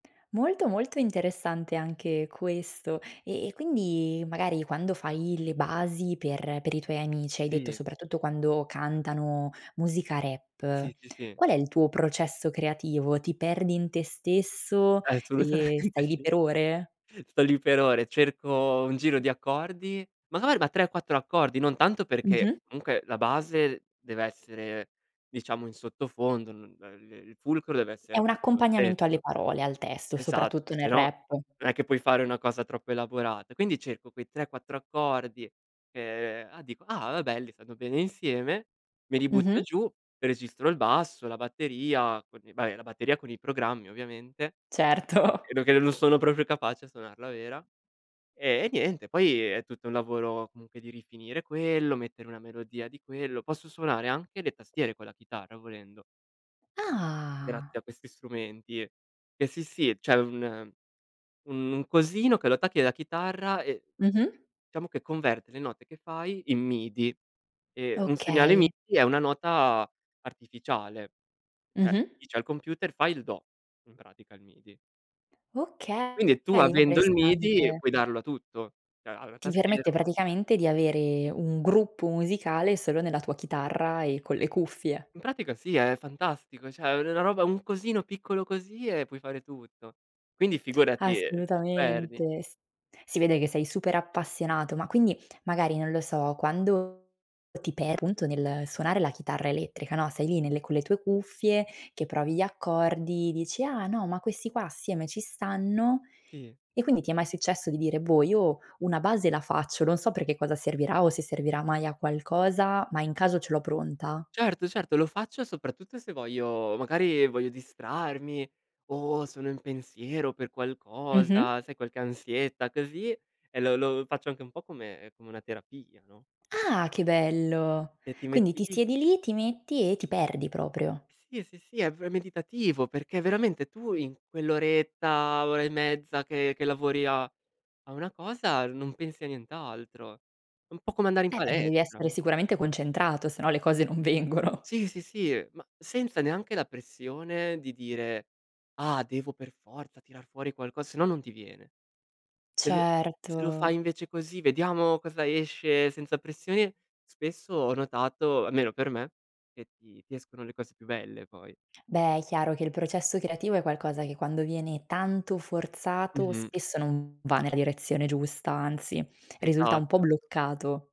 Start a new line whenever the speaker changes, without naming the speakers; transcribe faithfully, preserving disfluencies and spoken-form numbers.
Molto, molto interessante anche questo. Eh, e quindi magari quando fai le basi per per i tuoi amici hai detto
Sì.
soprattutto quando cantano musica rap,
Sì, sì, sì.
qual è il tuo processo creativo? Ti perdi in te stesso e
Assolutamente
stai lì
sì.
per ore?
Sto lì per ore. Cerco un giro di accordi ma guarda, tre, quattro accordi, non tanto perché
Mh-mh.
comunque la base deve essere diciamo in sottofondo, n ehm, le il fulcro deve
È
essere
un
appunto il
accompagnamento alle
testo.
parole, al testo,
Esatto,
soprattutto
se
nel
no
rap.
non è che puoi fare una cosa troppo elaborata. Quindi, cerco quei tre, quattro accordi che ah, dico: "Ah, belli. Stanno bene insieme." Me li butto
Mh-mh.
giù, registro il basso, la batteria con i beh, la batteria con i programmi ovviamente.
Certo.
Vedo che non sono proprio capace a suonarla vera. E niente, poi è tutto un lavoro comunque di rifinire quello, mettere una melodia di quello posso suonare anche le tastiere con la chitarra volendo
Ah.
grazie a questi strumenti. Eh, sì, sì. C'è un un un cosino che lo attacchi alla chitarra e
Mh-mh.
ciamo che converte le note che fai in M-I-D-I. Eh, un segnale
Okay.
M-I-D-I è una nota artificiale. ceh,
Mh-mh.
dice al computer: "Fai il do." In pratica il M-I-D-I. E
Okay,
quindi tu
è
avendo il M-I-D-I
interessante.
puoi darlo a tutto. Cioè allora, il
Ti
tastino
permette praticamente di avere un gruppo musicale solo nella tua chitarra e con le cuffie.
In pratica sì. È fantastico. ceh, è una roba un cosino piccolo così e puoi fare tutto. Quindi figurati, ehm, ti perdi.
Assolutamente. S si vede che sei super appassionato. Ma quindi, magari non lo so, quando ti per appunto nel suonare la chitarra elettrica, no, sei lì nelle con le tue cuffie, che provi gli accordi, dici: "Ah, no. Ma questi qua assieme ci stanno."
Sì.
E quindi ti è mai successo di dire: "Boh, io una base la faccio, non so per che cosa servirà o se servirà mai a qualcosa, ma in caso ce l'ho pronta"?
Certo, certo, lo faccio soprattutto se voglio magari voglio distrarmi o sono in pensiero per
Mh-mh.
qualcosa, sai qualche ansietta così. E lo lo faccio anche un po' come come una terapia, no?
Ah, che bello!
E ti
Quindi
metti
ti
lì
siedi lì, ti metti e ti perdi proprio.
Sì, sì, sì. È pr è meditativo, perché veramente tu in quell'oretta, ora e mezza che che lavori a a una cosa, non pensi a nient'altro. È un po' come andare in
Eh, perché devi
palestra,
essere
no?
sicuramente concentrato, se no le cose non vengono.
Sì, sì, sì. Ma senza neanche la pressione di dire: "Ah, devo per forza tirar fuori qualco" se no non ti viene. Se lo se lo fai
Certo.
invece così: "Vediamo cosa esce senza pressione." Spesso ho notato, almeno per me, che ti ti escono le cose più belle poi.
Beh, è chiaro che il processo creativo è qualcosa che quando viene tanto forzato,
Mh-mh.
spesso non va nella direzione giusta, anzi, risulta un po'
Esatto.
bloccato.